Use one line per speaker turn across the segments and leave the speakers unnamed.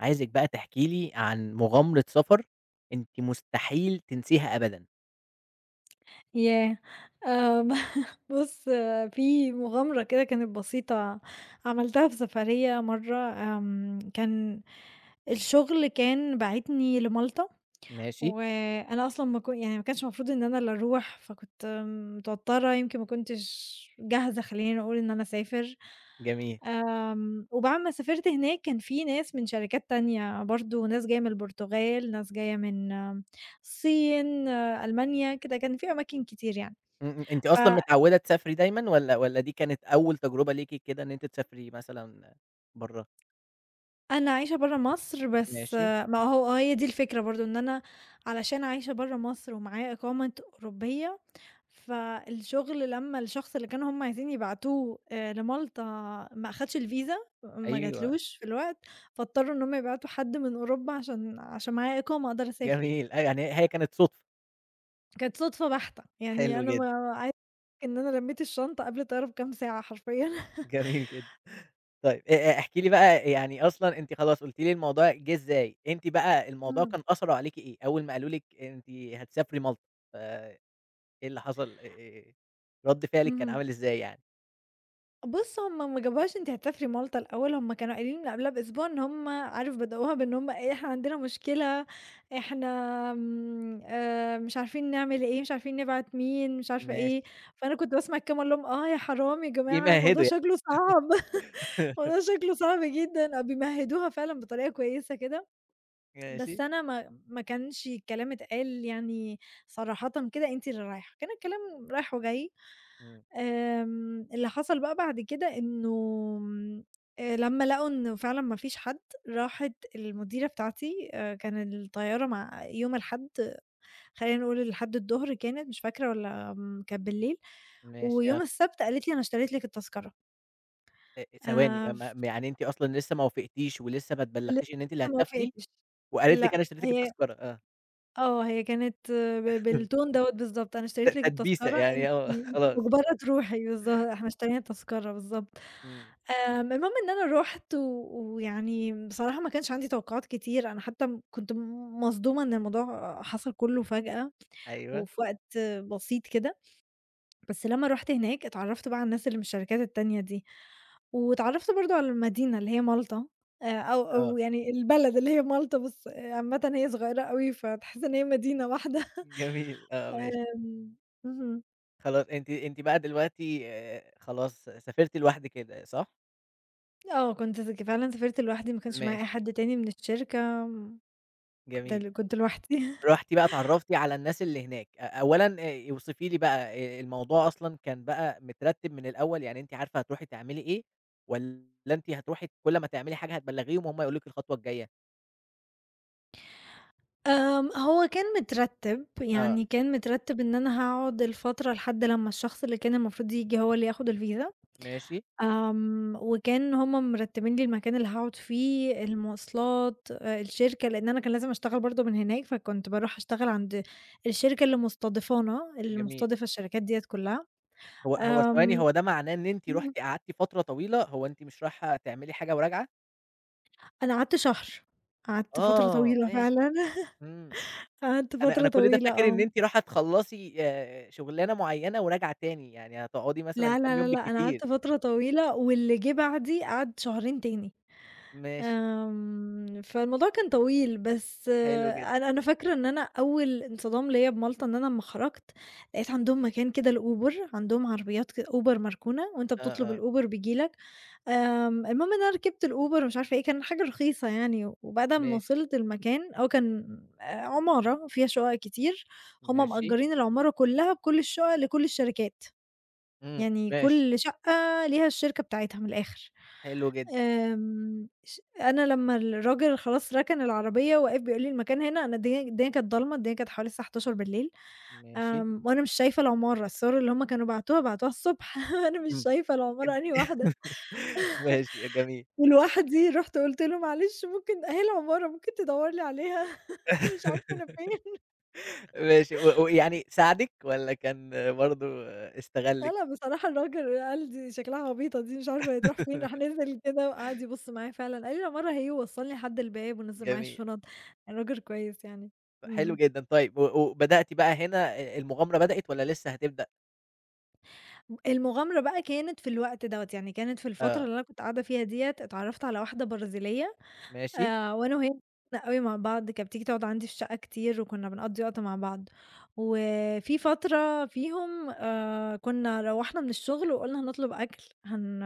عايزِك بقى تحكِي لي عن مغامرة سفر أنتِ مستحيل تنسيها أبدًا؟
ياه! آمم. ب بُص في مغامرة كده كانت بسيطة عملتها في سفريّة مَرّة، آمم، كان الشغل كان باعتني لمالطا،
ماشي.
وأنا أصلًا ما ك يعني ما كانش مفروض إن أنا اللي أروح، فكنت متوترة يمكن ما كنتش جاهزة خلّينا نقول إن أنا أسافر،
جميل.
آمم وبعد ما سافرت هناك كان في ناس من شركات تانية برضه، ناس جاية من البرتغال ناس جاية من الصين، ألمانيا كده كان في أماكن كتير يعني،
إمم، إمم، أنتِ
ف
أصلًا متعوّدة تسافري دايمًا والّا والّا دي كانت أول تجربة ليكِ كده إن أنتِ تسافري مثلًا بَرّه؟
أنا عايشة بَرّه مصر بس
ماشي.
ما هو هي دي الفكرة برضه إن أنا علشان عايشة بَرّه مصر ومعايا إقامة أوروبية، فالشغل لمّا الشخص اللي كانوا هُم عايزين يبعتوه آآ لمالطا ما أخدش الvisa ما
أيوه.
جاتلوش في الوقت، فاضطروا إن هُم يبعتوا حد من أوروبا عشان عشان معايا إقامه أقدر أسافر.
جميل أي يعني هي كانت صُدفة.
كانت صُدفة بَحتة، يعني
حلو
أنا
جدًا.
ما [unintelligible] إن أنا لمّيت الشنطة قبل الطيارة بكام ساعة حرفيًا.
جميل جدًا. طيب أ أ احكي لي بقى يعني أصلًا أنتِ خلاص قلتِ لي الموضوع جه إزاي، أنتِ بقى الموضوع
إمم.
كان أثره عليكِ إيه أول ما قالوا لِك أنتِ هتسافري مالطا؟ ف إيه اللي حصل؟ آآ، رَد فعلِك كان
اهم.
عامل إزاي يعني؟
بُص هُم ما جابوهاش أنتِ هتسافرِِ مالطا الاول، هُم كانوا قايلين من قبلها بأسبوع إن هُم عارف بدأوها بإن هُم إيه، إحنا عندنا مشكلة، إحنا آمم آآ مش عارفين نعمل إيه، مش عارفين نبعت مين، مش عارفة
ماشي.
إيه، فأنا كنت باسمع الكلام وأقول لهم: "آه، يا حرام يا جماعة الموضوع
بيمهّدوا ي
شكله صعب،" الموضوع شكله صعب جدًا، آه، بيمهدوها فعلًا بطريقة كويسة كده،
ماشى.
بس أنا ما ما كانش الكلام اتقال يعني صراحةً كده أنتِ اللي رايحة، كان الكلام رايح وجاي.
إمم.
آمم، اللي حصل بقى بعد كده إنه آآ لمّا لقوا إن فعلًا ما فيش حد، راحت المديرة بتاعتي كان الطيارة مع يوم الحد، خلينا نقول الحد الضهر كانت مش فاكرة والّا كانت بالليل،
ماشي
ويوم
آه.
السبت قالت لي: "أنا اشتريت لِك التذكرة."
آآ
آآ
ثواني ما
ف
ما يعني أنتِ أصلًا لِسّه ما وافقتيش ولِسّه ما
ل
اتبلّغتيش إن أنتِ اللي
لِسه ما
هتسافري
وافقتش،
وقالت لِك:
لأ،
"أنا اشتريت لِك
هي
التذكرة،" آه.
آه، هي كانت ب بالtune دوّة بالضبط، "أنا
ت
اشتريت لِك
تدبيسة،
التذكرة، أنتِ
يعني آه خلاص.
مُجبرة تروحي." بالض "إحنا اشترينا التذكرة،" بالضبط.
إمم.
آمم، المهم إن أنا رُحت و ويعني بصراحة ما كانش عندي توقعات كتير، أنا حتّى كنت مصدومة إن الموضوع حصل كله فجأة،
أيوه.
وفي وقت بسيط كده، بس لما رُحت هناك اتعرّفت بقى على الناس اللي من الشركات التانية دي، واتعرّفت برضه على المدينة اللي هي مالطا، آآ أو
آه.
أو يعني البلد اللي هي مالطا، بس عامةً هي صغيّرة أوي، فتحسّ إن هي مدينة واحدة.
جميل، آه، ماشي.
آمم اهم.
خلاص أنتِ أنتِ بقى دلوقتي آآ خلاص سافرتِ لوحدك كده، صح؟
آه، كنت ذكي فعلًا سافرت لوحدي ما كانش معايا أي
ماشي.
حد تاني من الشركة م كنت
جميل.
ال كنت لوحدي.
رُحتِ بقى اتعرّفتِ على الناس اللي هناك. أ أولًا آآ اوصفي لي بقى آآ الموضوع أصلًا كان بقى مترتّب من الأول، يعني أنتِ عارفة هتروحي تعملي إيه؟ والّا أنتِ هتروحي كل أمّا تعملي حاجة هتبلّغيهم وهم هيقولوا لِك الخطوة الجاية؟
آمم، هو كان مترتّب،
آه.
يعني كان مترتّب إن أنا هاقعد الفترة لحد لمّا الشخص اللي كان المفروض ييجي هو اللي ياخد الفيزا.
ماشي.
آمم وكان هم مرتّبين لي المكان اللي هاقعد فيه، الموصلات، آآ الشركة، لإن أنا كان لازم أشتغل برضه من هناك، فكنت باروح أشتغل عند الشركة اللي مُستضيفانا، اللي
جميل.
مُستضيفة الشركات ديّة كلها.
هو هو ثواني،
آمم
هو ده معناه إن أنتِ
إمم.
رُحتِ قعدتِ فترة طويلة، هو أنتِ مش رايحة تعملي حاجة وراجعة؟
أنا قعدت شهر، قعدت فترة
آه،
طويلة فعلًا.
ماشي. إمم.
قعدت
أنا
فترة
أنا كل ده
طويلة،
فاكر إن
آه.
أنتِ راحة تخلّصي آآ شُغلانة معيّنة وراجعة تاني، يعني هتقعدي مثلًا
لأ،
كام
لأ، لأ،
يوم
لأ، أنا
بالكتير.
قعدت فترة طويلة واللي جِه بعدي قعد شهرين تاني.
ماشي.
آمم، فالموضوع كان طويل، بس
حلو جدًا.
أنا أنا فاكرة إن أنا أول انصدام ليّا بمالطة إن أنا أمّا خرَجت لقيت عندهم مكان كده لUber، عندهم عربيات كد Uber مركونة وأنت بتطلب
آه، آه.
الUber بييجي لك، آمم المهم إن أنا ركبت الUber ومش عارفة إيه، كان حاجة رخيصة يعني و وبعد أمّا
ماشي.
وصلت المكان أو كان آآ عمارة وفيها شُقق كتير، هُم
ماشي.
مأجّرين العمارة كلّها بكل الشُقق لكل الشركات،
إمم،
يعني
ماشي.
كل شقّة ليها الشركة بتاعتها من الآخِر.
حلو جدًا.
آمم ش أنا لمّا الراجل خلاص رَكَن العربية وقف بيقول لي: "المكان هنا؟" أنا الدنيا الدنيا كانت ضلمة، الدنيا كانت حوالي الساعة 23:00،
ماشي.
آمم وأنا مش شايفة العمارة، الصور اللي هم كانوا بعتوها، بعتوها الصبح، أنا مش
امم.
شايفة العمارة أنهي واحدة.
[unintelligible] ماشي، أ جميل.
ولوحدي، رُحت قُلت له: "معلش ممكن أهي العمارة، ممكن تدوّر لي عليها؟" أنا مش عارفة أنا فين.
ماشي، و ويعني ساعدِك والّا كان برضه
آه،
استغلِّك؟
لأ، بصراحة الراجل قال دي شكلها عبيطة دي مش عارفة هي هتروح فين، راح نزِل كده وقعد يبُص معايا فعلًا، قال لي: "العمارة أهي." ووصلني لحد الباب ونزّل معايا
جميل.
الشُنط، الراجل كويس يعني.
ف حلو
إمم.
جدًا، طيب و وبدأت بقى هنا آآ المغامرة بدأت والّا لسه هتبدأ؟
المغامرة بقى كانت في الوقت دوّة، يعني كانت في الفترة
آه.
اللي أنا كنت قاعدة فيها ديّة اتعرفت على واحدة برازيلية
ماشي.
آآ وأنا وهي [unintelligible] أوي مع بعض، كانت بتيجي تقعد عَندي في الشقة كتير، وكنا بنقضّي وقت مع بعض، وفي فترة فيهم آآ كنا روّحنا من الشغل وقُلنا هنطلب أكل، هن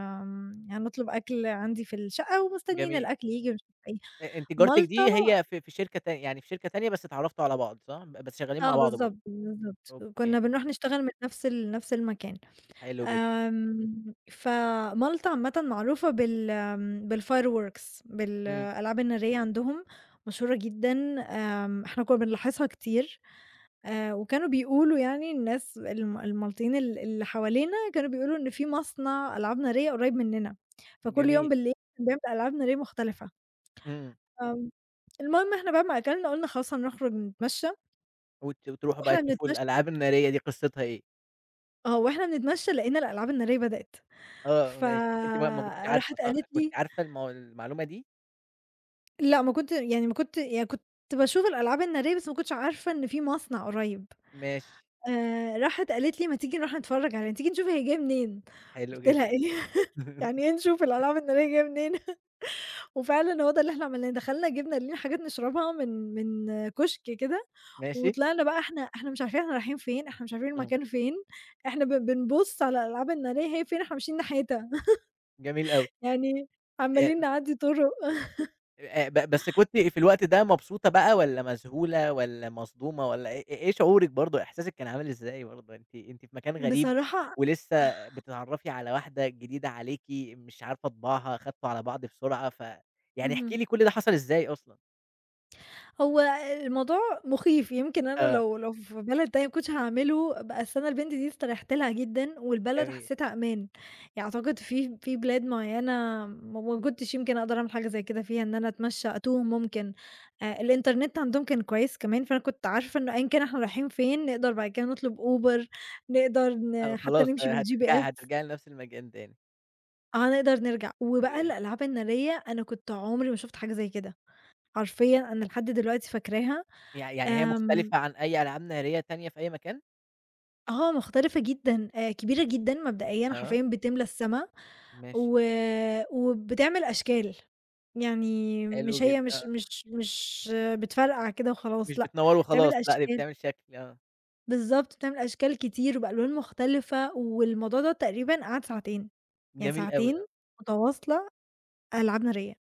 هنطلب أكل عَندي في الشقة، ومستنيين
جميل.
الأكل ييجي، ومش عارفة إيه،
أ أنتِ جارتِك
مالطا
دي هي في في شركة تان يعني في شركة تانية بس اتعرَّفتوا على بعض، صح؟ بس شغالين مع
آه
بعض برضه.
بالضبط، بالضبط.
أوكي.
كنا بنروح نشتغل من نَفْس ال نَفْس المكان.
حلو جدًا.
آمم ف مالطا عامةً معروفة بال بالfireworks
إمم.
بالألعاب النارية عَندهم مشهورة جدًا آمم إحنا كنا بنلاحظها كتير. آآ وكانوا بيقولوا يعني الناس ال المالطيين ال اللي حوالينا كانوا بيقولوا إن في مصنع ألعاب نارية قُريب مننا فكُلّ يوم
جميل.
بالليل كان بيعمل ألعاب نارية مختلفة.
امم.
آه، المهم إحنا بعد ما أكلنا، قُلنا خلاص هنخرج نتمشى.
وت وتروحوا بقى
وإحنا
تشوفوا
بنتمشي
الألعاب النارية دي قصتها إيه؟
آه وإحنا بنتمشي لقينا الألعاب النارية بدأت
آه
ف
ماشي أنتِ بقى ما كنتيش عارفة،
راحت
صح؟
قالت
كنتِ
لي
عارفة المو المعلومة دي؟
لأ ما كنت يعني ما كنت يعني كنت باشوف الألعاب النارية بس ما كنتش عارفة إن في مصنع قُريب.
ماشي.
آآ راحت قالت لي: "ما تيجي نروح نتفرج عليه، تيجي نشوف هي جاية منين؟"
حلو
قُلت
جدًا.
لها: "إيه؟ يعني إيه نشوف الألعاب النارية جاية منين؟" وفعلًا هو ده اللي إحنا عملناه، دخلنا جِبنا لينا حاجات نشربها من من كُشك كده،
ماشي.
وطلعنا بقى إحنا إحنا مش عارفين إحنا رايحين فين، إحنا مش عارفين
إمم.
المكان فين، إحنا بن بنبُص على الألعاب النارية هي فين إحنا ماشيين ناحيتها.
جميل أوي.
يعني
إ
عمّالين
إم
نعدّي طُرُق.
آآ أ ب بس كنتِ في الوقت ده مبسوطة بقى، والّا مذهولة، والّا مصدومة، والّا إ إيه شعورِِك برضه، إحساسِك كان عامل إزاي برضه؟ أنتِ أنتِ في مكان غريب،
بصراحة
ولسّه بتتعرّفي على واحدة جديدة عليكِ مش عارفة طباعها، خدتوا على بعض بسرعة، ف يعني
اهم.
احكي لي كُلّ ده حصل إزاي أصلًا؟
هو الموضوع مخيف، يمكن أنا
آه.
لو لو في بلد تانية ما كنتش هاعمله، بس أنا البنت دي استريحت لها جدًا والبلد
جميل.
حسيتها أمان، يعني أعتقد في في بلاد معيّنة م ما كنتش يمكن أقدر أعمل حاجة زي كده فيها إن أنا أتمشى أتوه ممكن، آآ الإنترنت عَندهم كان كويس كمان، فأنا كنت عارفة إنّه أيًا كان إحنا رايحين فين، نقدر بعد كده نطلب Uber، نقدر ن
آه
حتّى
خلاص،
نمشي
آآ هترجعي
بالGPS.
هترجعي لنَفْس المكان تاني.
آه، نقدر نرجع وبقى
[unintelligible]
الألعاب النارية أنا كنت عُمري ما شُفت حاجة زي كده، حرفيًا أنا لحد دلوقتي فاكراها.
يع يعني هي
آمم
مختلفة عن أي ألعاب نارية تانية في أي مكان؟
آه، مختلفة جدًا آآ كبيرة جدًا مبدئيًا،
آه.
حرفيًا بتملى السما
ماشي.
و وبتعمل أشكال، يعني مش
حلو
هي
جدًا،
مش
آه.
مش مش بتفرقع كده وخلاص
مش
لأ،
بتنوّر
بتعمل
وخلاص لأ، دي
أشكال.
بتعمل شكل آه.
بالضبط، بتعمل أشكال كتير وبألوان مختلفة والموضوع دَوّة تقريبًا قعد ساعتين، يعني
جميل أوي،
ساعتين
آه.
متواصلة ألعاب نارية.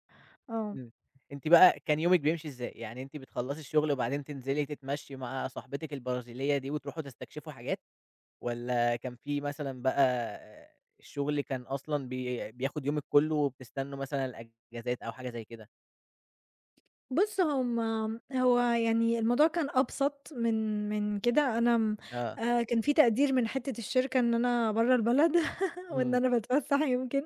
آه.
إمم. أنتِ بقى كان يومِك بيمشي إزاي؟ يعني أنتِ بتخلّصي الشُغل وبعدين تنزلي تتمشي مع صاحبتِك البرازيلية دي وتروحوا تستكشفوا حاجات؟ والَّا كان في مثلًا بقى الشُغل كان أصلًا بي بياخُد يومِك كلّه وبتستنوا مثلًا الإجازات أو حاجة زي كده؟
بُص، هم م هو يعني الموضوع كان أبسط من من كده، أنا م
آه.
آآ كان في تقدير من حتّة الشركة إن أنا برّا البلد وإن
إمم.
أنا باتفسّح يمكن،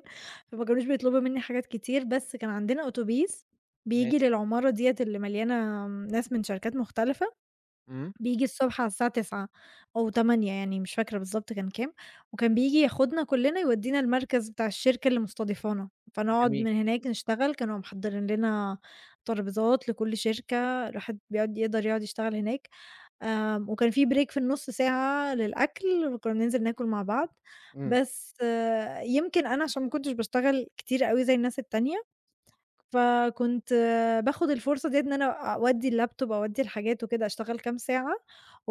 فما كانوش بيطلبوا منّي حاجات كتير، بس كان عندنا أوتوبيس بييجي
ماشي.
للعمارة ديّة اللي مليانة م ناس من شركات مختلفة،
إمم.
بييجي الصبح على الساعة 09:00 أو 08:00 يعني مش فاكرة بالضبط كان كام، وكان بييجي ياخدنا كلّنا يودّينا المركز بتاع الشركة اللي مُستضيفانه، فنقعُد
جميل.
من هناك نشتغل، كانوا محضّرين لنا ترابيزات لكل شركة، الواحد بيقعُد يقدر يقعُد يشتغل هناك، آمم وكان في break في النُص ساعة للأكل وكنّا بننزل ناكل مع بعض،
إمم.
بس يمكن أنا عشان ما كنتش باشتغل كتير أوي زي الناس التانية، فكنت باخُد الفرصة دِيّة إن أنا أودّي اللاب توب، أودّي الحاجات وكده، أشتغل كام ساعة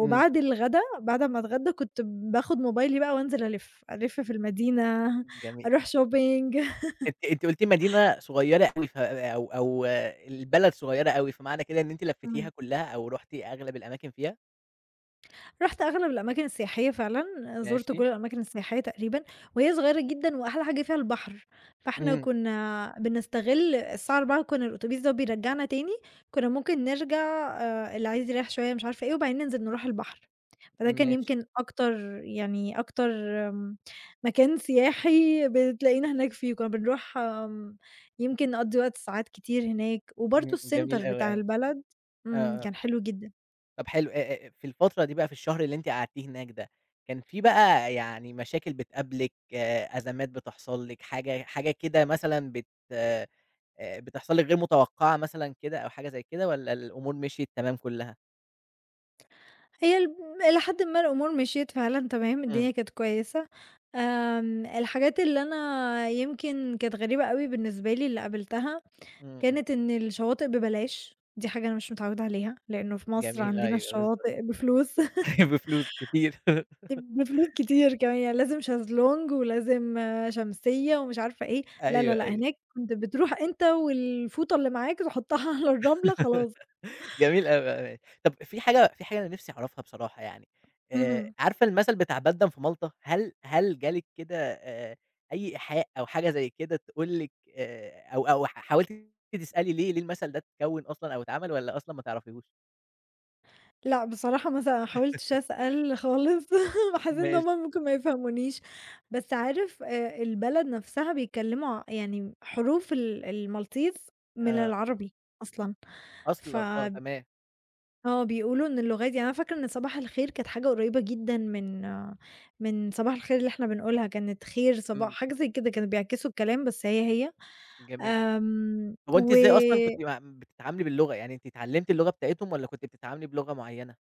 إمم.
الغدا بعد أمّا أتغدى كنت باخُد موبايلي بقى وأنزل ألِف، ألِف في المدينة،
جميل.
أروح shopping.
أنتِ أنتِ قُلتِ المدينة صغيّرة أوي ف أو أو البلد صغيّرة أوي، فمعنى كده إن أنتِ لفيتيها
إمم.
كلّها أو رُحتِ أغلب الأماكن فيها؟
رُحت أغلب الأماكن السياحية فعلًا، زُرت كل
ماشي.
الأماكن السياحية تقريبًا، وهي صغيرة جدًا وأحلى حاجة فيها البحر، فإحنا
إمم.
كُنّا بنستغل الساعة 16:00 كُنّا الأتوبيس ده بيرجّعنا تاني، كُنّا ممكن نرجع آآ اللي عايز يرَيّح شوية مش عارفة إيه وبعدين ننزل نروح البحر. فده كان
ماشي.
يمكن أكتر يعني أكتر م مكان سياحي بتلاقينا هناك فيه، كُنّا بنروح آمم، يمكن نقضّي وقت ساعات كتير هناك، وبرضه
إمم،
الcenter
جميل أوي،
بتاع
أوي.
البلد إمم،
آه، آه.
كان حلو جدًا.
طَب حلو، أ أ في الفترة دي بقى في الشهر اللي أنتِ قعدتيه هناك ده، كان في بقى يعني مشاكل بتقابلِك، أزمات بتحصل لِك، حاجة حاجة كده مثلًا بت آآ بتحصل لِك غير متوقّعة مثلًا كده أو حاجة زي كده والّا الأمور مِشْيت تمام كُلّها؟
هي الم إلي حدٍ ما الأمور مِشْيت فعلًا تمام،
إمم.
الدنيا كانت كويسة، آمم الحاجات اللي أنا يمكن كانت غريبة أوي بالنسبة لي اللي قابلتها،
إمم، إمم.
كانت إن الشواطئ بيلاش، دي حاجة أنا مش متعوِّدة عليها، لإنّه في مصر
جميل،
عندنا
أيوه، بالضبط.
الشواطئ بفلوس.
بفلوس كتير.
دي بفلوس كتير كمان، يعني لازم شازلونج ولازم شمسيّة ومش عارفة إيه، لا، لا،
أيوه،
لأ،
أيوه.
هناك أنت بتروح أنت والفوطة اللي معاك تحُطّها على الرملة خلاص.
جميل أوي. آآ طَب في حاجة في حاجة أنا نِفْسي أعرفها بصراحة يعني، آآ
اهم.
عارفة المَثل بتاع بيدن في مالطا؟ هل هل جا لِك كده آآ أي إيحاء أو حاجة زي كده تقول لِك آآ أو أو حاولتِ تسألي ليه ليه المَثل ده اتكوِّن أصلًا أو اتعمل والّا أصلًا ما تعرفيهوش؟
لأ بصراحة ما س ما حاولتش أسأل خالص، ما حسّيت إن هُم
ماشي.
ممكن ما يفهمونيش، بس عارف آآ البلد نَفْسها بيتكلموا ع يعني حروف ال الMaltese من
آه.
العربي أصلًا، ف
أصلًا! آه تمام.
آه بيقولوا إن اللغة ده يعني أنا فاكرة إن صباح الخير كانت حاجة قريبة جدًا من من صباح الخير اللي إحنا بنقولها كانت خير صباح
إمم.
حاجة زي كده كانوا بيعكسوا الكلام بس هي، هي،
جميل،
آمم،
هو أنتِ
و
إزاي أصلًا كنتِ م بتتعاملِي باللغة يعني أنتِ اتعلمتِ اللغة بتاعتهم والّا كنتِ بتتعاملِي بلغة معيّنة؟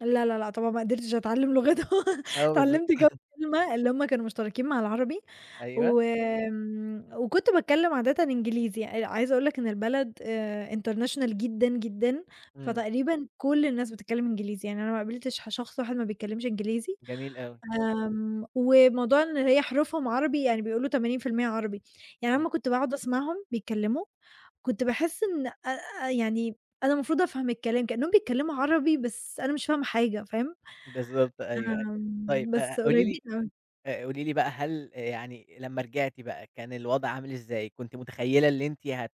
لا، لا، لأ، طبعًا ما قدرتش أتعلم لغتهم
آه بالض
اتعلمت كام كلمة، اللي هُم كانوا مشتركين مع العربي،
أيوه.
و وكنت باتكلّم عادةً إنجليزي، آآ عايزة أقول لك إن البلد آآ international جدًا، جدًا،
إمم.
فتقريبًا كل الناس بتتكلم إنجليزي، يعني أنا ما قابلتش ح شخص واحد ما بيتكلمش إنجليزي،
جميل أوي.
آمم، وموضوع إن هي حروفهم عربي يعني بيقولوا 80% عربي، يعني أنا
إمم.
أمّا كنت باقعد أسمعهم بيتكلموا، كنت باحس إن آآ يعني أنا المفروض أفهم الكلام كإنهم بيتكلموا عربي بس أنا مش فاهمة حاجة فاهم؟
بالضبط أيوه، أيوه، طيب
آمم،
آآ
بس
قُولي لي
قريبين أوي.
آآ قولي لي بقى هل يعني لمّا رجعتِ بقى كان الوضع عامل إزاي؟ كنتِ متخيّلة اللي أنتِ هت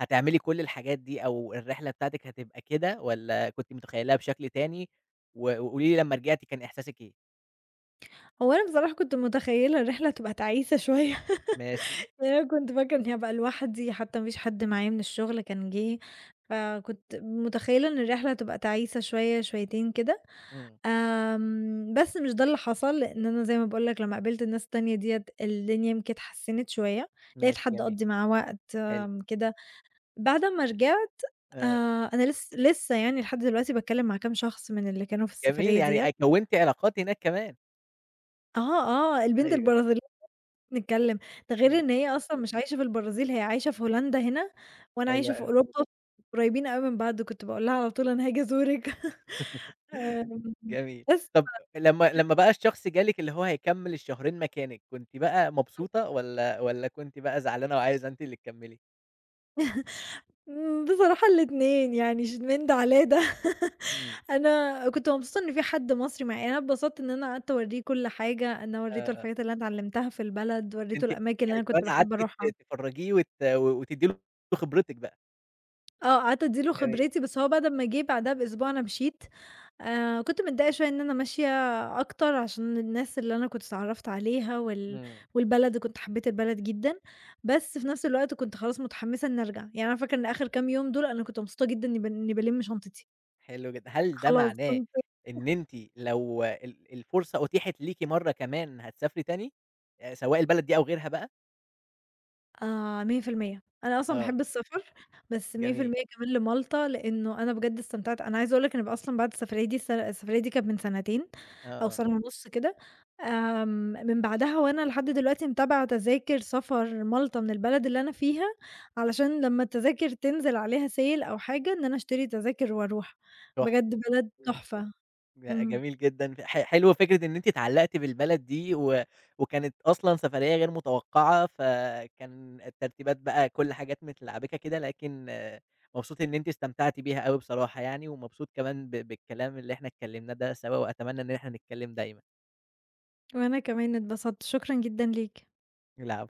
هتعملي كل الحاجات دي أو الرحلة بتاعتِك هتبقى كده والّا كنتِ متخيّلاها بشكل تاني؟ و وقُولي لي لمّا رجعتِ كان إحساسِك إيه؟
هو أنا بصراحة كنت متخيلة الرحلة هتبقى تعيسة شوية،
ماشي.
لأن أنا كنت فاكرة إني هابقى لوحدي، حتّى ما فيش حد معايا من الشغل كان جِه، فكنت متخيلة إن الرحلة هتبقى تعيسة شوية، شويتين كده.
إمم.
آمم، بس مش ده اللي حصل، لإن أنا زي ما باقول لك لمّا قابلت الناس التانية ديّة، الدنيا يمكن اتحسنّت شوية، لقيت
ماشي
حد
جميل.
أقضّي معاه وقت
حلو.
كده بعد أمّا رجعت آآ
آآ
أنا لس لسّه يعني لحد دلوقتي باتكلّم مع كام شخص من اللي كانوا في
جميل
السفرية ديّة.
يعني أ كونتِ علاقات هناك كمان؟
آه، آه البنت
أيوه.
البرازيلية [unintelligible] نتكلّم، ده غير
إمم.
إن هي أصلًا مش عايشة في البرازيل، هي عايشة في هولندا هنا وأنا
حلو
عايشة في
أوي.
أوروبا، قريبين أوي من بعض، كنت باقول لها على طول أنا هاجي أزورِك. ف
جميل.
بس ف
طَب لمّا
[unintelligible]
لمّا بقى الشخص جا لِك اللي هو هيكمّل الشهرين مكانِك، كنتِ بقى
[unintelligible]
مبسوطة والّا والّا كنتِ بقى زعلانة وعايزة أنتِ اللي تكمّلي؟
إمم، بصراحة الاتنين يعني ش من ده على ده.
إمم.
أنا كنت مبسوطة إن في حد مصري معايا أنا اتبسطت إن أنا قعدت أوريه كُلّ حاجة، أنا وريته
آه آه.
الحاجات اللي أنا اتعلمتها في البلد، وريته
أنتِ
الأماكن اللي
يعني
أنا
كمان
كنت
قعدتِ
باحب
ت
أروحها.
تفرّجيه وت و وتدّي له خبرِتِك بقى؟
آه، قعدت أدّي له
جميل.
خبرتي، بس هو بعد أمّا جِه بعديها بأسبوع أنا مشيت، آآ كنت متضايقة شوية إن أنا ماشية أكتر، عشان الناس اللي أنا كنت اتعرّفت عليها وال
إمم.
والبلد، كنت حبيت البلد جدًا، بس في نفس الوقت كنت خلاص متحمسة إن أرجع، يعني أنا فاكرة إن آخر كام يوم دُول أنا كنت مبسوطة جدًا إني بن إن بالِم شنطتي.
حلو جدًا. هل ده
خلاص،
معناه
كنت
إن أنتِ لو ال الفرصة أُتيحت ليكِ مرة كمان هتسافري تاني؟ آآ سواء البلد دي أو غيرها بقى؟
آآ 100%، أنا أصلًا
آه.
باحب السفر، بس مِيَّة في
جميل.
المِيَّة كمان لمَالْطَا، لأنه أنا بجد استمتعت أنا عايزة أقول لك أنا بقى أصلًا بعد السفرية دي السف السفرية دي كانت من سنتين،
آه،
أو
آه.
سنة ونُص كده، آمم، من بعدها وأنا لحد دلوقتي متابعة تذاكر سفر مَالْطَا من البلد اللي أنا فيها، علشان لمّا التذاكر تنزل عليها sale أو حاجة، إن أنا أشتري تذاكر وأروح.
تحفة،
بجد بلد
إمم.
تحفة.
ج
إمم.
جميل جدًا، ح حلوة فكرة إن أنتِ اتعلّقتِ بالبلد دي و وكانت أصلًا سفرية غير متوقعة، فكان الترتيبات بقى كل حاجات متلعبِكة كده، لكن مبسوط إن أنتِ استمتعتِ بيها أوي بصراحة يعني ومبسوط كمان ب بالكلام اللي إحنا اتكلمناه ده سوا وأتمنى إن إحنا نتكلّم دايمًا.
وأنا كمان اتبسطت، شكرًا جدًا ليك.
العفو.